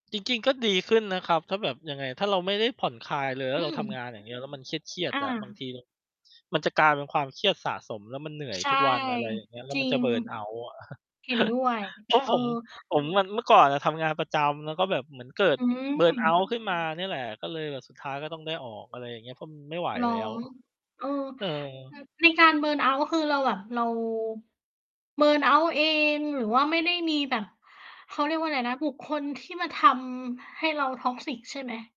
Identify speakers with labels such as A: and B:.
A: จริง ๆ ก็ดีขึ้นนะครับ ถ้าแบบ ยังไง ถ้าเราไม่ได้ผ่อนคลายเลยแล
B: อ
A: ้
B: ื
A: วเราทำ
B: ม
A: งาน อย่างเงี้ย แล้วมันเครียด
B: อ
A: ๆ อะ บางท
B: า
A: ี มันจะกลายเป็นความเครียดสะสม แล้วมันเหนื่อย
B: ใช่
A: ทุกวัน อะไรอย่างเงี้ย แล้
B: จ
A: ว
B: ร
A: ม
B: ิ
A: ันจะ
B: ง
A: เบิร์นเอาต์ อะ
B: เห็นด้วย
A: เพราะ
B: เอ
A: ผ
B: อ
A: ม ผมมัน เมื่อก่อนอะทำงานประจำ แล้วก็แบบเหมือนเกิด
B: อื
A: เบ
B: ม
A: ิร์นเอาต์ ขึ้นมาเนี่ยแหละ ก็เลยแบบสุดท้ายก็ต้องได้ออก อะไรอย่างเงี้ย เพราะมันไม่ไหว
B: เหรอ?
A: แล้ว
B: เออ อ
A: เออ
B: ในการ เบิร์นเอาต์ คือเราแบบ เรา เบิร์นเอาต์ เอง หรือว่าไม่ได้มีแบบ เขาเรียกว่าอะไรนะ บุคคลที่มาทำให้เรา toxic ใช่ไหม?